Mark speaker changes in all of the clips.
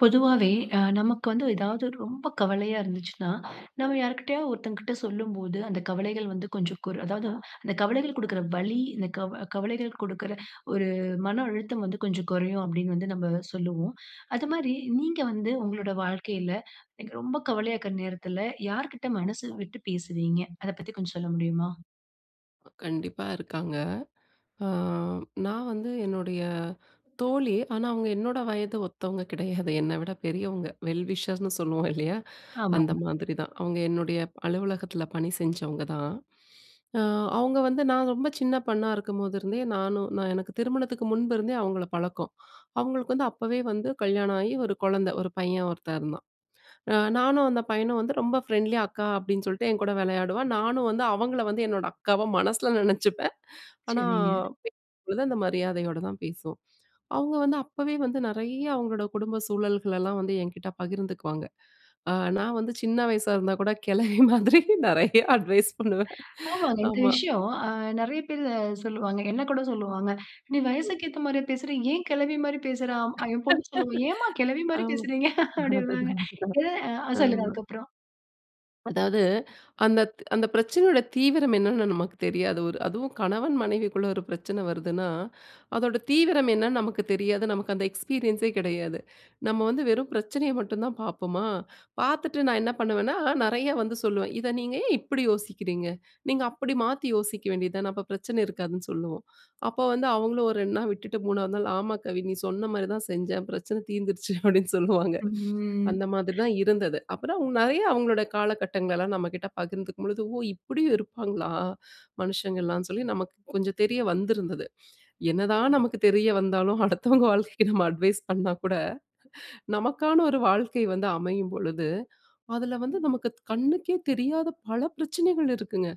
Speaker 1: பொதுவாவே, அ நமக்கு வந்து ஏதாவது ரொம்ப கவலையா இருந்துச்சுன்னா, நம்ப யார்க்கிட்டயாவது ஒருத்தவங்க கிட்ட சொல்லும்போது, அந்த கவலைகள் வந்து கொஞ்சம் குர் அதாவது அந்த கவலைகள் குடுக்குற வலி, இந்த கவ கவலைகள் குடுக்குற ஒரு மன அழுத்தம் வந்து கொஞ்சம் குறையும், அப்படீன்னு வந்து நம்ப சொல்லுவோம். அதுமாரி நீங்க வந்து உங்களோட வாழ்க்கையில, எனக்கு ரொம்ப கவலையாக்குற நேரத்துல யார்க்கிட்ட மனசு விட்டு பேசுவீங்க? அத பத்தி கொஞ்சம் சொல்ல முடியுமா?
Speaker 2: கண்டிப்பா இருக்காங்க. அ நான் வந்து என்னுடைய தோழி. ஆனா, அவங்க என்னோட வயது ஒத்தவங்க கிடையாது. என்னை விட பெரியவங்க வெல் விஷர்ஸ்ன்னு சொல்லுவோம், இல்லயா? அந்த
Speaker 1: ஆமாங்க.
Speaker 2: மாதிரி தான். அவங்க என்னுடைய அலுவலகத்துல பணி செஞ்சவங்க தான். அ அவங்க வந்து நான் ரொம்ப சின்ன பொண்ணா இருக்கும்போதுருந்தே, நானும் நான் எனக்கு திருமணத்துக்கு முன்பிருந்தே அவங்கள பழக்கம். அவங்களுக்கு வந்து அப்பவே வந்து கல்யாணம் ஆயி, ஒரு குழந்தை, ஒரு பையன் ஒருத்தன் இருந்தான். அ நானும், அந்த பையனும் வந்து ரொம்ப ஃப்ரெண்ட்லியா, "அக்கா" அப்டீன்னு சொல்லிட்டு என் கூட விளையாடுவான். நானும் வந்து அவங்கள வந்து என்னோட அக்காவா மனசுல நினைச்சிப்பேன். ஆனா,
Speaker 1: சரிங்க.
Speaker 2: பேசும்போது அந்த மரியாதையோட தான் பேசுவோம். அவங்க வந்து அப்பவே வந்து நெறைய அவங்களோட குடும்ப சூழல்களெல்லாம் வந்து என்கிட்டே பகிர்ந்துக்குவாங்க. அ நான் வந்து சின்ன வயசா இருந்தா கூட, கெழவி மாதிரி நெறையா அட்வைஸ் பண்ணுவேன்.
Speaker 1: ஆமாங்க. இந்த
Speaker 2: ஆமா.
Speaker 1: விஷயம், அ நெறைய பேரு அ சொல்வாங்க. என்ன கூட சொல்லுவாங்க. "நீ வயசுக்கு ஏத்த மாரியே பேசுறா? ஏன் கெழவி மாரி பேசுறா?" என் பொண்ணு சொல்லுவா. "ஏன்ம்மா கெழவி மாரி
Speaker 2: ஆமா.
Speaker 1: பேசுறீங்க?" அப்டீன்பாங்க.
Speaker 2: அதுதான், அதுதான்.
Speaker 1: எத ஆ சொல்லுங்க.
Speaker 2: ஆமா.
Speaker 1: அதற்கப்புறம்
Speaker 2: அதாவது அந்த அந்த பிரச்சனையோட தீவிரம் என்னன்னு நமக்கு தெரியாது. ஒரு அதுவும் கணவன், மனைவிக்குள்ள ஒரு பிரச்சன வருதுன்னா, அதோட தீவிரம் என்னன்னு நமக்கு தெரியாது. நமக்கு அந்த எக்ஸ்பீரியன்சே கிடையாது. நம்ப வந்து வெறும் பிரச்சனய மட்டும் தான் பாப்பமா! பாத்துட்டு நான் என்ன பண்ணுவேன்னா, நெறையா வந்து சொல்லுவேன். இத நீங்க ஏன் இப்பிடி யோசிக்கிறீங்க? நீங்க அப்பிடி மாத்தி யோசிக்க வேண்டியது தான. அப்ப பிரச்சனை இருக்காதுன்னு சொல்லுவோம். அப்போ வந்து அவுங்களும் ஒரு 2 நாள் விட்டு, 3 வது நாள். ஆமா, கவி! நீ சொன்னமாரி தான் செஞ்சேன். ஏன் பிரச்சன தீர்ந்துருச்சு. அப்பிடின்னு சொல்லுவாங்க.
Speaker 1: ம்
Speaker 2: அந்தமாதிரி தான் இருந்தது. அப்புறம் நெறைய அவுங்களோட காலகட்டங்கள்லாம் நம்பக்கிட்ட பகிர்ந்துக்கும்பொழுது, ஓ! இப்பிடியும் இருப்பாங்களா? மனுஷங்கள்லாம் சொல்லி நமக்கு கொஞ்சம் தெரிய வந்திருந்தது. என்னதான் நமக்கு தெரிய வந்தாலும், அடுத்தவங்க வாழ்க்கைக்கு நம்ப அட்வைஸ் பண்ணா கூட, நமக்கான ஒரு வாழ்க்கை வந்து அமையும்பொழுது, அதுல வந்து நமக்கு கண்ணுக்கே தெரியாத பல பிரச்சனைகள் இருக்குங்க.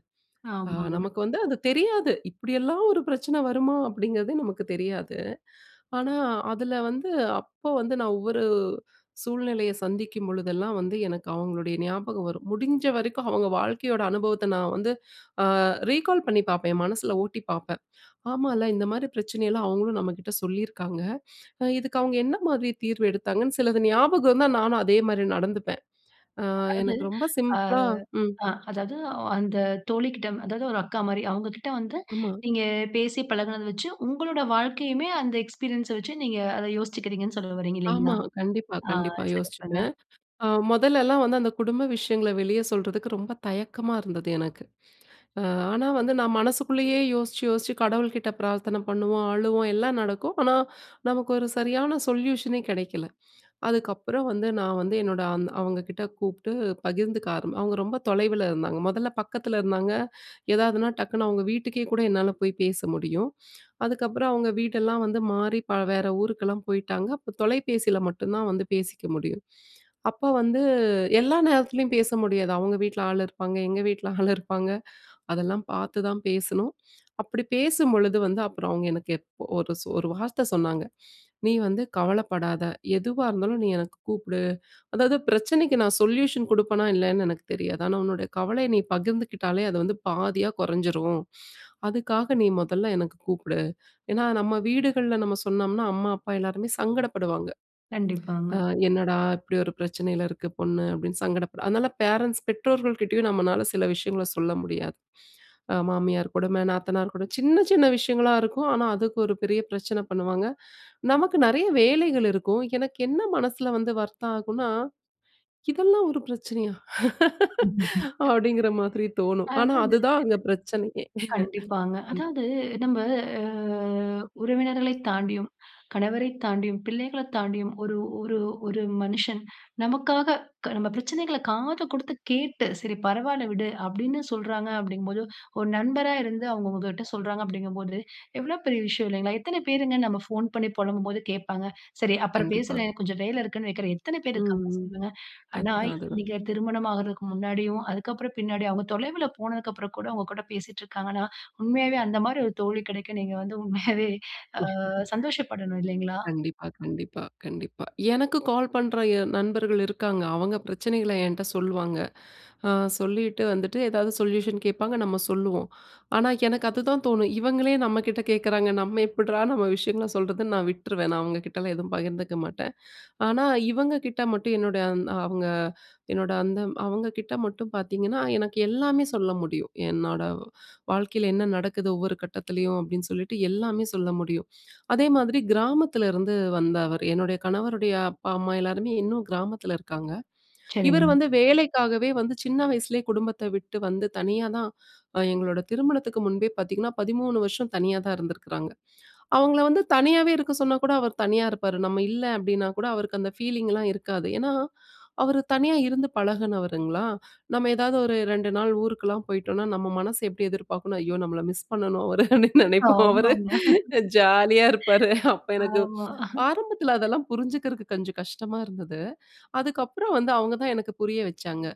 Speaker 2: அ
Speaker 1: ஆமாங்க.
Speaker 2: நமக்கு வந்து அது தெரியாது. இப்பிடியெல்லாம் ஒரு பிரச்சனை வருமா? அப்பிடிங்கிறதே நமக்கு தெரியாது. ஆனா, அதுல வந்து அப்போ வந்து, நான் ஒவ்வொரு சூழ்நிலைய சந்திக்கும் பொழுதெல்லாம், வந்து எனக்கு அவுங்களுடைய ஞாபகம் வரும். முடிஞ்சவரைக்கும் அவுங்க வாழ்க்கையோட அனுபவத்த நான் வந்து அ ரீகால் பண்ணி பாப்பேன். என் மனசுல ஓட்டி பாப்பேன். ஆமால, இந்தமாரி பிரச்சனையெல்லாம் அவுங்களும் நம்மக்கிட்ட சொல்லியிருக்காங்க. அ இதுக்கு அவுங்க என்னமாரி தீர்வ எடுத்தாங்கன்னு சிலது ஞாபகம் இருந்தா! நானும் அதேமாரி நடந்துப்பேன். அ
Speaker 1: அதாவது
Speaker 2: எனக்கு ரொம்ப
Speaker 1: ஆ,
Speaker 2: சிம்பிளா ம்.
Speaker 1: அ அதாவது அந்த தோழிகிட்ட அதாவது ஒரு அக்காமாரி, அவுங்ககிட்ட வந்து
Speaker 2: ஆமா.
Speaker 1: நீங்க பேசி பழகினத வச்சு, உங்களோட வாழ்க்கையுமே அந்த எக்ஸ்பீரியன்ஸ வச்சு, நீங்க அத யோசிச்சிக்கிறீங்கன்னு சொல்ல வர்றீங்க
Speaker 2: ஆமா.
Speaker 1: இல்லேங்களா
Speaker 2: கண்டிப்பா,
Speaker 1: ஆ
Speaker 2: கண்டிப்பா.
Speaker 1: சிறப்புங்க.
Speaker 2: யோசிச்சுப்பேன். அ மொதல்லலாம் வந்து அந்த குடும்ப விஷயங்கல வெளிய சொல்றதுக்கு ரொம்ப தயக்கமா இருந்தது எனக்கு. அ ஆனா, வந்து நான் மனசுக்குள்ளயே யோசிச்சு, யோசிச்சு கடவுள்கிட்ட பிரார்த்தனை பண்ணுவோம், அழுவோம், எல்லாம் நடக்கும். ஆனா நமக்கு ஒரு சரியான சொல்யூஷனே கிடைக்கல. அதுக்கப்புறம் வந்து நான் வந்து என்னோட அந்த அவுங்ககிட்ட கூப்பிட்டு பகிர்ந்துக்க ஆரம் அவுங்க ரொம்ப தொலைவுல இருந்தாங்க. மொதல்ல பக்கத்துல இருந்தாங்க, ஏதாவதுனா டக்குனு அவுங்க வீட்டுக்கே கூட என்னால போய் பேச முடியும். அதுக்கப்புறம் அவங்க வீடெல்லாம் வந்து மாறி ப வேற ஊருக்கெல்லாம் போயிட்டாங்க. அப்போ, தொலைபேசியில மட்டும் தான் வந்து பேசிக்க முடியும். அப்ப வந்து எல்லா நேரத்துலயும் பேச முடியாது. அவுங்க வீட்ல ஆள் இருப்பாங்க. எங்க வீட்ல ஆள் இருப்பாங்க அதெல்லாம் பாத்துதான் பேசணும். அப்பிடி பேசும்பொழுது வந்து அப்புறம் அவுங்க எனக்கு எப் ஒரு, ஒரு வார்த்த சொன்னாங்க, "நீ வந்து கவலைப்படாத! எதுவா இருந்தாலும், நீ எனக்கு கூப்பிடு! அதாவது பிரச்சனைக்கு நான் சொல்யூஷன் குடுப்பனா, இல்லயான்னு எனக்கு தெரியாது. ஆனா, உன்னோட கவலைய நீ பகிர்ந்துக்கிட்டாலே, அது வந்து பாதியா குறைஞ்சிரும். அதுக்காக நீ மொதல்ல எனக்கு கூப்பிடு!" ஏன்னா, நம்ப வீடுகள்ல நம்ப சொன்னம்ன்னா அம்மா, அப்பா எல்லாருமே சங்கடப்படுவாங்க.
Speaker 1: கண்டிப்பாங்க.
Speaker 2: அ என்னடா! இப்பிடி ஒரு பிரச்சனையில இருக்கு பொண்ணு அப்பிடின்னு, சங்கட அதுனால ஃபேரண்ட்ஸ், பெற்றோர்கள் கிட்டேயும் நம்பளால சில விஷயங்களை சொல்ல முடியாது. அ மாமியார் கொடும, நாத்தனார் கொடும சின்ன, சின்ன விஷயங்களா இருக்கும். ஆனா, அதுக்கு ஒரு பெரிய பிரச்சன பண்ணுவாங்க. நமக்கு நெறைய வேலைகள் இருக்கும். எனக்கு என்ன மனசுல வந்து வர்த்தம் ஆகுன்னா. இதெல்லாம் ஒரு பிரச்சனையா? அப்பிடிங்கிற மாதிரி தோணும்.
Speaker 1: அ,
Speaker 2: ஆனா,
Speaker 1: அதாவது
Speaker 2: அதுதான் அங்க பிரச்சனையே!
Speaker 1: கண்டிப்பாங்க.
Speaker 2: அம்.
Speaker 1: அதாவது, நம்ப அ உறவினர்களைத் தாண்டியும், கணவரை தாண்டியும், பிள்ளைகளைத் தாண்டியும் ஒரு, ஒரு, ஒரு, மனுஷன் நமக்காக க நம்ப பிரச்சனைகள காது குடுத்து கேட்டு, சரி பரவால்ல விடு! அப்பிடீன்னு சொல்லுறாங்க, அப்பழடீங்கம்போது, ஒரு நண்பரா இருந்து அவுங்க உங்கக்கிட்ட சொல்றாங்க அப்பிடிங்கம்போது, எவ்வளவு பெரிய விஷயம் இல்லேங்களா! எத்தனை பேருங்க நம்ப ஃபோன் பண்ணி புலம்பும்போது கேட்பாங்க. சரி. அப்புறம்
Speaker 2: கண்டிப்பா.
Speaker 1: பேசுறேன், எனக்கு கொஞ்சம் வேலை இருக்குன்னு வைக்கிறேன், எத்தன பேரு
Speaker 2: ம்,
Speaker 1: இருக்காங்க?
Speaker 2: ம்.
Speaker 1: சொல்லுங்க. ஆனா,
Speaker 2: அதுதான், அதுதான்.
Speaker 1: நீங்க திருமணம் ஆகுறதுக்கு முன்னாடியும், அதுக்கப்பறம் பின்னாடி அவுங்க தொலைவுல போனதுக்கு அப்பறம் கூட உங்ககூட பேசிட்டு இருக்காங்கன்னா, உண்மையாவே அந்தமாரி ஒரு தோழி கிடைக்க நீங்க வந்து உண்மையாவே அ சந்தோஷப்படணும், இல்லேங்களா!
Speaker 2: கண்டிப்பா, கண்டிப்பா, கண்டிப்பா. எனக்கு கால் பண்ற என் நண்பர்கள் இருக்காங்க. அவுங்க பிரச்சனைகள என்ட்ட சொல்லுவாங்க. அ சொல்லிட்டு வந்துட்டு எதாவது சொல்யூஷன் கேட்பாங்க, நம்ப சொல்லுவோம். ஆனா, எனக்கு அதுதான் தோணும். இவங்களே நம்ப கிட்ட கேட்குறாங்க. நம்ப எப்பிட்றா நம்ப விஷயங்கள சொல்றதுன்னு நான் விட்ருவேன். நான் அவுங்க கிட்டலாம் எதுவும் பகிர்ந்துக்க மாட்டேன். ஆனா, இவங்ககிட்ட மட்டும் என்னோட, அந் அவுங்க என்னோட அந்த அவுங்ககிட்ட மட்டும் பாத்தீங்கன்னா, எனக்கு எல்லாமே சொல்ல முடியும். என்னோட வாழ்க்கையில என்ன நடக்குது ஒவ்வொரு கட்டத்துலேயும், அப்பிடின்னு சொல்லிட்டு எல்லாமே சொல்ல முடியும். அதே மாதிரி கிராமத்துல இருந்து வந்த அவரு என்னுடைய கணவருடைய அப்பா, அம்மா எல்லாருமே இன்னும் கிராமத்துல இருக்காங்க. இவரு
Speaker 1: சரிங்க.
Speaker 2: வந்து வேலைக்காகவே வந்து சின்ன வயசுலேயே குடும்பத்த விட்டு வந்து தனியா தான், அ எங்களோட திருமணத்துக்கு முன்பே பாத்தீங்கன்னா, 13 வருஷம் தனியா தான் இருந்திருக்காங்க. அவுங்கல வந்து தனியாவே இருக்க சொன்னாகூட அவர் தனியா இருப்பாரு. நம்ப இல்ல, அப்பிடின்னா கூட அவருக்கு அந்த ஃபீலிங்லாம் இருக்காது. ஏன்னா, அவரு தனியா இருந்து பழகினவருங்களா! நம்ப ஏதாவது ஒரு 2 நாள் ஊருக்குலாம் போயிட்டோன்னா, நம்ப மனச எப்பிடி எதிர்பார்க்குன்னா, ஐயோ! நம்பள மிஸ் பண்ணணும் அவரு. அப்பிடீன்னு நினைப்போம். அவரு
Speaker 1: ஆமாங்க
Speaker 2: ஜாலியா இருப்பாரு. அப்ப எனக்கு
Speaker 1: ஆமா
Speaker 2: ஆரம்பத்துல அதெல்லாம் புரிஞ்சுக்குறது கொஞ்சம் கஷ்டமா இருந்தது. அதுக்கப்பறம், வந்து அவுங்க தான் எனக்கு புரிய வச்சாங்க.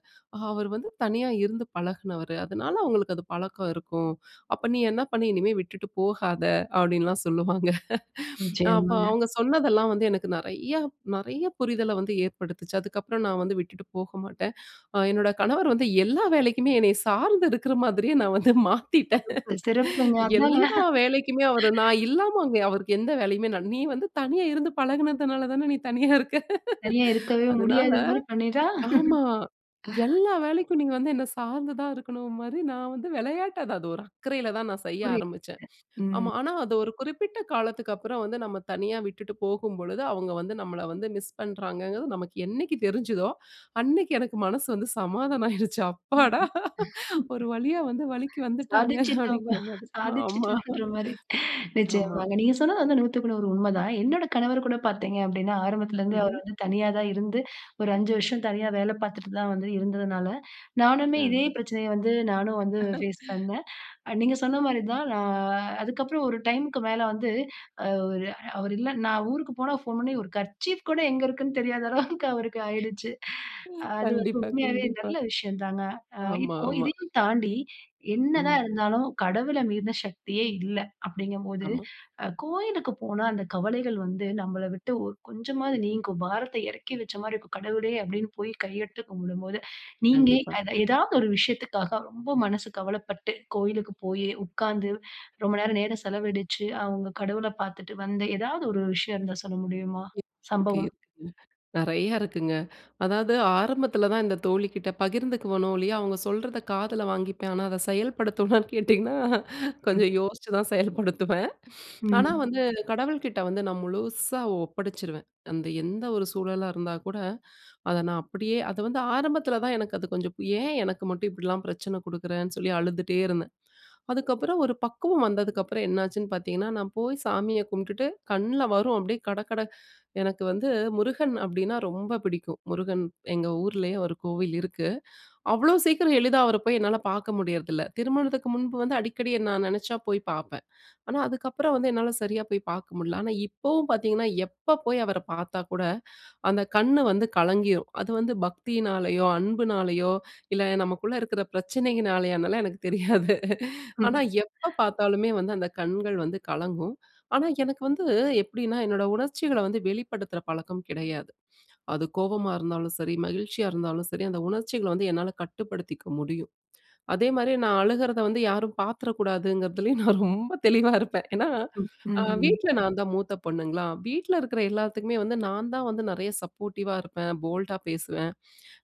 Speaker 2: அவரு வந்து தனியா இருந்து பழகினவரு. அதுனால அவுங்களுக்கு அது பழக்கம் இருக்கும். அப்ப நீ என்ன பண்ணி, இனிமே விட்டுட்டு போகாத! அப்பிடீன்லாம் சொல்லுவாங்க. அ அப்ப
Speaker 1: நிச்சயமாங்க.
Speaker 2: அவுங்க சொன்னதெல்லாம் வந்து எனக்கு நெறையா, நெறைய புரிதல வந்து ஏற்படுத்துச்சு. அதுக்கப்பறம், நான் வந்து விட்டுட்டு போக மாட்டேன். அ என்னோட கணவர் வந்து எல்லா வேலைக்குமே, என்னைய சார்ந்து இருக்குற மாதிரியே நான் வந்து மாத்திட்டேன்
Speaker 1: சிறப்பு, சிறப்புங்க. அதாங்க.
Speaker 2: எல்லா வேலைக்குமே, அவர் நான் இல்லாம அங்க அவருக்கு எந்த வேலையுமே நான் நீ வந்து தனியா இருந்து பழகுனதுனாலதான நீ தனியா இருக்க!
Speaker 1: தனியா இருக்கவே
Speaker 2: அதுனால
Speaker 1: முடியாதமாரி, பண்ணிட்டா!
Speaker 2: ஆமா எல்லா வேலைக்கும் நீங்க வந்து என்ன சார்ந்து தான் இருக்கணும்மாரி, நான் வந்து விளையாட்ட அது, அது, ஒரு அக்கறையில தான் நான் செய்ய
Speaker 1: புரியதுங்க,
Speaker 2: ஆரமிச்சேன்.
Speaker 1: ம்.
Speaker 2: ஆமா, ஆனா அது ஒரு குறிப்பிட்ட காலத்துக்கப்பறம் வந்து நம்ப தனியா விட்டுட்டு போகும்பொழுது அவுங்க வந்து நம்பள வந்து மிஸ் பண்ணுறாங்கங்குறது, நமக்கு என்னைக்கு தெரிஞ்சுதோ! அன்னக்கி எனக்கு மனசு வந்து சமாதானம் ஆயிருச்சு.
Speaker 1: ம்,
Speaker 2: அப்பாடா!
Speaker 1: ம்.
Speaker 2: ஒரு வழியா வந்து வலிக்கு வந்துட்டாங்க.
Speaker 1: சாதிச்சுட்டோம்ப்பா!
Speaker 2: அப்படிங்கிற மாதிரி. ஆமா,
Speaker 1: சாதிச்சுட்டோன்ற மாரி
Speaker 2: ஆமா.
Speaker 1: நிச்சயமாங்க நீங்க சொன்னது வந்து, 100 க்கு 100 உண்மதான். என்னோட கணவர்கூட பாத்தீங்க அப்பிடீன்னா ஆரம்பத்துலருந்து அவர்
Speaker 2: ம்ஹ்ம்.
Speaker 1: வந்து தனியா தான் இருந்து, ஒரு 5 வருஷம் தனியா வேலை பாத்துட்டு தான் வந்து இருந்ததுனால, நானுமே
Speaker 2: அ.
Speaker 1: இதே பிரச்சனைய வந்து நானும் வந்து ஃபேஸ் பண்ணேன். அ நீங்க சொன்னமாரி தான் நான் அதுக்கப்புறம் ஒரு டைமுக்கு மேல வந்து அ ஒரு அவரு இல்ல நான் ஊருக்கு போனா ஃபோன் பண்ணி ஒரு கர்ச்சீப் கூட எங்க இருக்குன்னு தெரியாத அளவுக்கு அவருக்கு ஆயிடுச்சு அது வந்து
Speaker 2: கண்டிப்பா,
Speaker 1: உண்மையாவே அது
Speaker 2: கண்டிப்பா.
Speaker 1: நல்ல விஷயந்தாங்க. ஆ
Speaker 2: ஆமா,
Speaker 1: இப்போ
Speaker 2: ஆமா.
Speaker 1: இதையும் தாண்டி என்ன தான்
Speaker 2: ம்.
Speaker 1: இருந்தாலும், கடவுள மீறுன சக்தியே இல்ல, அப்பிடீங்கம்போது
Speaker 2: ஆமா.
Speaker 1: அ கோயிலுக்கு போனா அந்த கவலைகள் வந்து நம்பள விட்டு ஒ கொஞ்சமாவது நீங்கும். பாரத்த இறக்கி வச்சமாரி இருக்கும். கடவுளே! அப்பிடீன்னு போய் கையெடுத்து கும்பிடும்போது, நீங்க
Speaker 2: கண்டிப்பா.
Speaker 1: அத ஏதாவது ஒரு விஷயத்துக்காக ரொம்ப மனசு கவலப்பட்டு, கோயிலுக்குப் போயி உக்காந்து, ரொம்ப நேரம் நேரம் செலவழிச்சு அவுங்க கடவுள பாத்துட்டு வந்து எதாவது ஒரு விஷயம் இருந்தா சொல்ல முடியுமா?
Speaker 2: இருக் இருக்கு,
Speaker 1: சம்பவம்.
Speaker 2: இருக்கு. நெறையா இருக்குங்க. அதாவது ஆரம்பத்துல தான் இந்த தோழிக்கிட்ட பகிர்ந்துக்குவனோ இல்லயா! அவுங்க சொல்றத காதுல வாங்கிப்பேன். ஆனா, அத செயல்படுத்துவனான்னு கேட்டிங்கன்னா,
Speaker 1: ம்.
Speaker 2: கொஞ்சம் யோசிச்சு தான் செயல்படுத்துவேன். ஆனா,
Speaker 1: ம்.
Speaker 2: வந்து கடவுள்கிட்ட வந்து நான் முழுசா ஒப்படைச்சுருவேன். அந்த எந்த ஒரு சூழலா இருந்தாகூட அத நான் அப்பிடியே அத வந்து ஆரம்பத்துல தான் எனக்கு அது கொஞ்சம் ஏன் எனக்கு மட்டும் இப்பிடிலாம் பிரச்சன குடுக்குறேன்னு சொல்லி அழுதுட்டே இருந்தேன். அதுக்கப்புறம், ஒரு பக்குவம் வந்ததுக்கப்புறம் என்னாச்சுன்னு பாத்தீங்கன்னா, நான் போய் சாமிய கும்பிட்டுட்டு கண்ணுல வரும், அப்பிடியே கடகட எனக்கு வந்து முருகன். அப்பிடீன்னா ரொம்ப பிடிக்கும். முருகன் எங்க ஊர்லயே ஒரு கோவில் இருக்கு. அவ்ளோ சீக்கிரம் எளிதா அவர போய் என்னால பாக்க முடியுறதுல்ல, திருமணத்துக்கு முன்பு வந்து அடிக்கடி நான் நினைச்சா போய் பார்ப்பேன். ஆனா, அதுக்கப்புறம் வந்து என்னால சரியா போய் பாக்க முடில. ஆனா, இப்பவும் பாத்தீங்கன்னா, எப்ப போய் அவர பாத்தாக்கூட அந்த கண்ணு வந்து கலங்கிரும். அது வந்து பக்தியினாலேயோ! அன்புனாலயோ! இல்ல நமக்குள்ள இருக்குற பிரச்சனையினாலயோனாலாம் அதெல்லாம் எனக்கு தெரியாது ஆனா,
Speaker 1: ம்.
Speaker 2: எப்ப பாத்தாலுமே வந்து அந்த கண்கள் வந்து கலங்கும். ஆனா, எனக்கு வந்து எப்பிடின்னா என்னோட உணர்ச்சிகள்ல வந்து வெளிப்படுத்துற பழக்கம் கிடையாது. அது கோபமா இருந்தாலும் சரி, மகிழ்ச்சியா இருந்தாலும் சரி, அந்த உணர்ச்சிகள வந்து என்னால கட்டுப்படுத்திக்க முடியும். அதேமாரி நான் அழுகுறத வந்து யாரும் பாத்துட கூடாதுங்குறதுலேயும் நான் ரொம்ப தெளிவா இருப்பேன் ஏன்னா,
Speaker 1: ம்.
Speaker 2: அ
Speaker 1: ம்ஹ்ம்.
Speaker 2: வீட்ல நான் தான் மூத்த பொண்ணுங்களா! வீட்ல இருக்குற எல்லாத்துக்குமே வந்து நான் தான் வந்து நெறைய சப்போர்டிவா இருப்பேன். போல்ட்டா பேசுவேன்.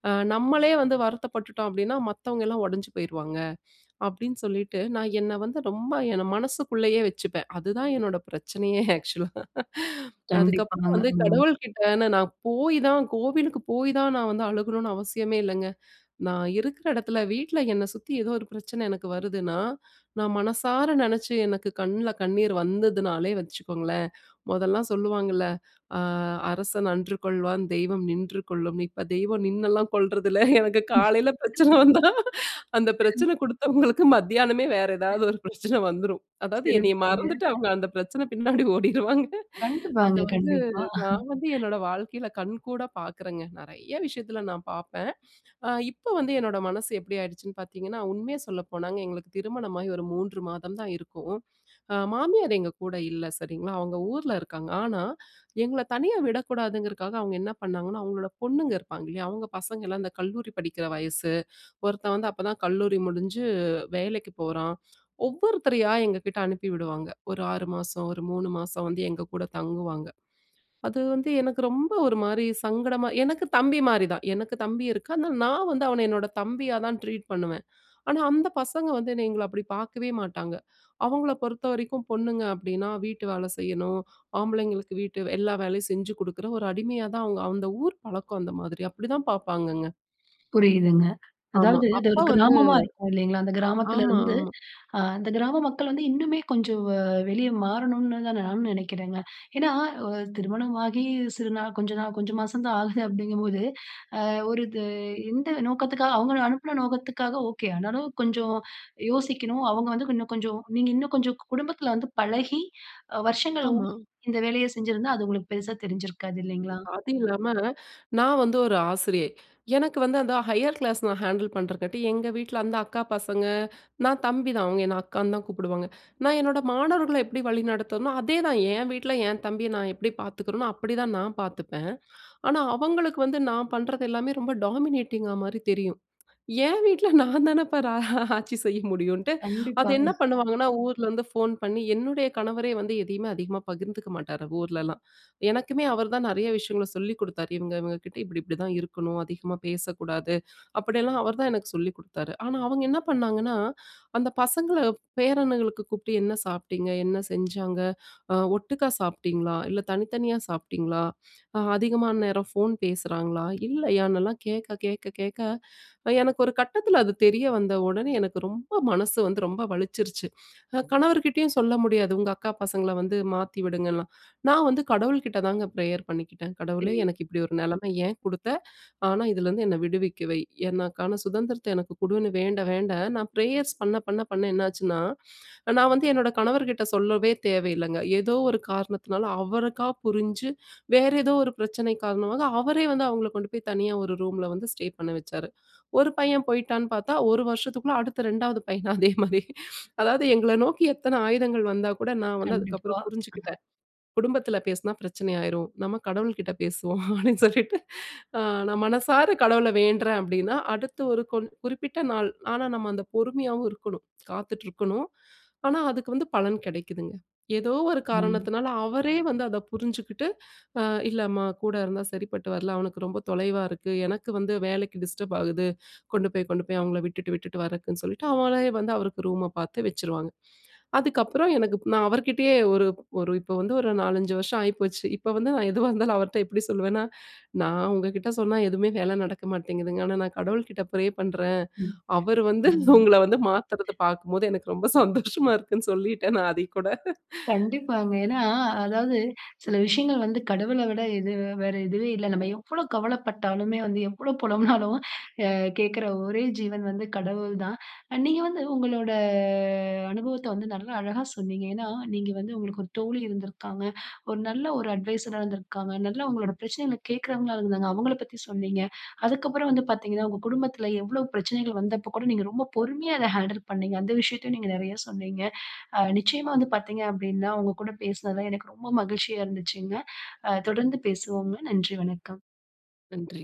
Speaker 2: அ நம்மளே வந்து வருத்தப்பட்டுட்டோம். அப்பிடீன்னா, மத்தவங்கலாம் உடைஞ்சு போயிருவாங்க. அப்பிடீன்னு சொல்லிட்டு நான் என்ன வந்து ரொம்ப என்ன மனசுக்குள்ளயே வச்சுப்பேன். அதுதான் என்னோட பிரச்சனையே! ஆக்ஷூலா அதுக்கப்புறம்
Speaker 1: கண்டிப்பாங்க.
Speaker 2: வந்து
Speaker 1: ம்.
Speaker 2: கடவுள்கிட்டே நானு போய் தான் கோவிலுக்கு போய் தான், நான் வந்து அழுகணுன்னு அவசியமே இல்லங்க. நான் இருக்குற இடத்துல வீட்ல என்ன சுத்தி, ஏதோ ஒரு பிரச்சன எனக்கு வருதுன்னா, நான் மனசார நினைச்சு எனக்கு கண்ணுல கண்ணீர் வந்ததுனாலே வச்சுக்கோங்களேன்! மொதல்லாம் சொல்லுவாங்கல்ல, அ "அரசன் அன்று கொல்வான், தெய்வம் நின்று கொல்லும்" இப்ப தெய்வம் நின்னலாம் கொல்றது இல்ல. எனக்கு காலையில பிரச்சனை வந்தா அந்த பிரச்சன குடுத்தவங்களுக்கு மத்தியானமே வேற ஏதாவது ஒரு பிரச்சனைன வந்துரும் அதாவது என்னைய
Speaker 1: சிறப்புங்க.
Speaker 2: மறந்துட்டு அவுங்க அந்த பிரச்சன பின்னாடி ஓடிடுவாங்க அத
Speaker 1: கண்டிப்பாங்க,
Speaker 2: வந்து
Speaker 1: கண்டிப்பா
Speaker 2: நான் வந்து என்னோட வாழ்க்கையில கண்கூடா பாக்குறேங்க. நெறைய விஷயத்துல நான் பாப்பேன். அ இப்போ, வந்து என்னோட மனசு எப்பிடி ஆயிடுச்சுன்னு பாத்தீங்கன்னா, உண்மைய சொல்ல போனாங்க, எங்களுக்கு திருமணமாகி ஒரு 3 மாதம் தான் இருக்கும். ஆ மாமியார் எங்ககூட இல்ல. சரிங்களா! அவுங்க ஊருல இருக்காங்க. ஆனா, எங்கள தனியா விடக்கூடாதுங்குறதுக்காக, அவுங்க என்ன பண்ணாங்கன்னா, அவுங்களோட பொண்ணுங்க இருப்பாங்க இல்லயா! அவுங்க பசங்கள்லாம் இந்த கல்லூரி படிக்கிற வயசு ஒருத்தன், வந்து அப்ப தான் கல்லூரி முடிஞ்சு வேலைக்கு போறான், ஒவ்வொருத்தரையா எங்ககிட்டே அனுப்பி விடுவாங்க. ஒரு 6 மாசம், ஒரு 3 மாசம் வந்து எங்ககூட தங்குவாங்க. அது வந்து எனக்கு ரொம்ப ஒருமாரி சங்கடமா எனக்கு தம்பிமாரி தான். எனக்கு தம்பி இருக்கான். ஆனா நான் வந்து அவன என்னோட தம்பியா தான் ட்ரீட் பண்ணுவேன். ஆனா, அந்த பசங்க வந்து என்ன எங்கள அப்பிடி பார்க்கவே மாட்டாங்க. அவங்கள பொறுத்த வரைக்கும் பொண்ணுங்க அப்பிடின்னா, வீட்டு வேலை செய்யணும், ஆம்பளைங்களுக்கு வீட்டு எல்லா வேலையும் செஞ்சு குடுக்குற ஒரு அடிமையாதான் அவுங்க அந்த ஊர் பழக்கம் அந்த மாதிரி. அப்பிடி தான் பாப்பாங்கங்க.
Speaker 1: புரியுதுங்க.
Speaker 2: ஆமா
Speaker 1: அதாவது அது
Speaker 2: அப்ப
Speaker 1: ஒரு
Speaker 2: வந்து
Speaker 1: கிராமமா இருக்கும். இல்லேங்களா! அந்த கிராமத்துல
Speaker 2: ஆமா,
Speaker 1: இருந்து
Speaker 2: ஆமா.
Speaker 1: அ அந்த கிராம மக்கள் வந்து இன்னுமே கொஞ்சம் வ வெளிய மாறணுன்தான் நானும் நினைக்குறேங்க. ஏன்னா, அ திருமணம் ஆகி சிறு நாள் கொஞ்ச நாள் கொஞ்சம் மாசம் தான் ஆகுது அப்படிங்கும்போது அ ஒரு இது எந்த நோக்கத்துக்காக அவுங்கள அனுப்புன நோக்கத்துக்காக, ஓகே! ஆனாலும் கொஞ்சம் யோசிக்கணும். அவுங்க வந்து இன்னும் கொஞ்சம் நீங்க இன்னும் கொஞ்சம் குடும்பத்துல வந்து பழகி அ வருஷங்கள் [unintelligible]
Speaker 2: ஆமா.
Speaker 1: இந்த வேலைய செஞ்சிருந்தா அது உங்களுக்கு பெருசா தெரிஞ்சிருக்காது, இல்லேங்களா!
Speaker 2: அது இல்லாம, நான் வந்து ஒரு ஆசிரியை. எனக்கு வந்து அந்த ஹையர் கிளாஸ் நான் ஹேண்டில் பண்றக்காட்டி, எங்க வீட்ல அந்த அக்கா பசங்க நான் தம்பி தான். அவுங்க என்ன அக்கான்னு தான் கூப்பிடுவாங்க. நான் என்னோட மாணவர்கள்ல எப்பிடி வழிநடத்தறனோ! அதேதான் என் வீட்ல என் தம்பிய நான் எப்பிடி பாத்துக்கிறனோ! அப்பிடிதான், நான் பார்த்துப்பேன். ஆனா, அவுங்களுக்கு வந்து நான் பண்றது எல்லாமே ரொம்ப டாமினேட்டிங்கா மாரி தெரியும் என் வீட்ல நான் தானப்பா ரா ஆட்சி செய்ய முடியுன்ட்டு அது
Speaker 1: கண்டிப்பாங்க.
Speaker 2: என்ன பண்ணுவாங்கன்னா, ஊரிலருந்து வந்து ஃபோன் பண்ணி என்னுடைய கணவரே வந்து எதையுமே அதிகமா பகிர்ந்துக்க மாட்டாரு ஊர்லலாம். எனக்குமே அவரு தான் நெறைய விஷயங்கள்ல சொல்லி கொடுத்தாரு. இவுங்க, இவுங்ககிட்ட இப்பிடி, இப்பிடிதான் இருக்கணும். அதிகமா பேசக்கூடாது. அப்பிடி எல்லாம் அவர்தான் எனக்கு சொல்லி கொடுத்தாரு. ஆனா, அவுங்க என்ன பண்ணாங்கன்னா, அந்த பசங்கல பேரன்களுக்கு கூப்டு என்ன சாப்பிட்டிங்க? என்ன செஞ்சாங்க? அ ஒட்டுக்கா சாப்பிட்டீங்களா? இல்ல, தனித்தனியா சாப்பிட்டீங்களா? அ அதிகமான நேரம் ஃபோன் பேசுறாங்களா? இல்லயான்னுலாம் கேட்க, கேட்க, கேட்க, அ எனக்கு ஒரு கட்டத்துல அது தெரிய வந்த உடனே எனக்கு ரொம்ப மனசு வந்து ரொம்ப வலிச்சிருச்சு. நான் கணவர்கிட்டயும் சொல்ல முடியாது. உங்க அக்கா பசங்கல வந்து மாத்தி விடுங்கன்லாம். நான் வந்து கடவுள்கிட்ட தாங்க பிரேயர் பண்ணிக்கிட்டேன். கடவுளே!
Speaker 1: சரி.
Speaker 2: எனக்கு இப்படி ஒரு நிலைம ஏன் குடுத்த? ஆனா, இதுலருந்து என்னைய விடுவிக்க வை, என்னக்கான சுதந்திரத்த எனக்கு குடுன்னு வேண்ட, வேண்ட நான் பிரேயர்ஸ் பண்ண, பண்ண, பண்ண என்னாச்சுன்னா, நான் வந்து என்னோட கணவர்கிட்ட சொல்லவே தேவ இல்லங்க. ஏதோ ஒரு காரணத்துனால, அவருக்கா புரிஞ்சு வேற ஏதோ ஒரு பிரச்சனை காரணமாக, அவரே வந்து அவுங்கல கொண்டு போய் தனியா ஒரு ரூம்ல வந்து ஸ்டே பண்ண வச்சாரு. ஒரு பையன் போய்ட்டான்னு பாத்தா, ஒரு வருஷத்துக்குள்ள அடுத்த 2 வது பையன் அதேமாரி அதாவது எங்கள நோக்கி எத்தனை ஆயுதங்கள் வந்தாகூட, நான் வந்து
Speaker 1: கண்டிப்பா.
Speaker 2: அதுக்கப்புறம் புரிஞ்சுக்கிட்டேன். குடும்பத்துல பேசுனா, பிரச்சனை ஆயிரும். நம்ப கடவுள்கிட்ட பேசுவோம். அப்பிடீன்னு, சொல்லிட்டு அ நான் மனசார கடவுள வேண்ட்றேன். அப்பிடீன்னா அடுத்து ஒரு கொன் குறிப்பிட்ட நாள், ஆனா நம்ப அந்த பொறுமையாவும் இருக்கணும் காத்துட்டு இருக்கணும். ஆனா, அதுக்கு வந்து பலன் கிடைக்குதுங்க. ஏதோ ஒரு
Speaker 1: ம்.
Speaker 2: காரணத்துனால, அவரே வந்து அத புரிஞ்சுகிட்டு அ இல்லம்மா! கூட இருந்தா சரிப்பட்டு வரல. அவனுக்கு ரொம்ப தொலைவா இருக்கு. எனக்கு வந்து வேலைக்கு டிஸ்டர்ப் ஆகுது. கொண்டு போய், கொண்டு போய் அவுங்கள விட்டுட்டு, விட்டுட்டு வரக்குன்னு சொல்லிட்டு, அவுங்களே வந்து அவருக்கு ரூம பாத்து வச்சிருவாங்க. அதுக்கு அப்பறம் எனக்கு நான் அவருக்கிட்டயே ஒரு, ஒரு இப்ப வந்து ஒரு 4, 5 வருஷம் ஆயிப்போச்சு. இப்ப வந்து நான் எதுவா இருந்தாலும் அவர்ட்ட எப்பிடி சொல்லுவேன்னா, நான் உங்ககிட்ட சொன்னா எதுவுமே வேலை நடக்க மாட்டேங்குதுங்க. ஆனா, நான் கடவுள்கிட்ட பிரே பண்றேன்.
Speaker 1: ம்,
Speaker 2: அவரு வந்து
Speaker 1: ம்.
Speaker 2: உங்கள வந்து மாத்துறத பாக்கும்போது எனக்கு ரொம்ப சந்தோஷமா இருக்குன்னு சொல்லிட்டேன். நான் அத கூட.
Speaker 1: கண்டிப்பாங்க. ஏன்னா, அதாவது சில விஷயங்கள் வந்து கடவுள விட இது வேற எதுவே இல்லங்க. நம்ப எவ்வளவு கவல பட்டாலுமே, வந்து எவ்ளோ புலம்பினாலும் அ கேட்குற ஒரே ஜீவன் வந்து கடவுள் தான். அ நீங்க வந்து உங்களோட அனுபவத்த வந்து நல்ல அழகா சொன்னீங்க. ஏன்னா, நீங்க வந்து உங்களுக்கு ஒரு தோழி இருந்து இருக்காங்க. ஒரு நல்ல ஒரு அட்வைஸாரா இருந்துருக்காங்க. நல்ல உங்களோட பிரச்சனைகளை கேட்குறவங்களா இருந்தாங்க, அவுங்க பத்தி சொன்னீங்க. அதுக்கப்புறம் வந்து பாத்தீங்கன்னா, உங்க குடும்பத்துல எவ்வளவு பிரச்சனைகள் வந்தப்பக்கூட நீங்க ரொம்ப பொறுமையா, அத ஹேண்டில் பண்ணீங்க. அந்த விஷயத்தையும் நீங்க நெறைய சொன்னீங்க. அ நிச்சயமா வந்து பாத்தீங்க அப்பிடீன்னா, உங்ககூட பேசுனதுல எனக்கு ரொம்ப மகிழ்ச்சியா இருந்துச்சுங்க. அ தொடர்ந்து பேசுவோங்க. நன்றி, வணக்கம்.
Speaker 2: நன்றி.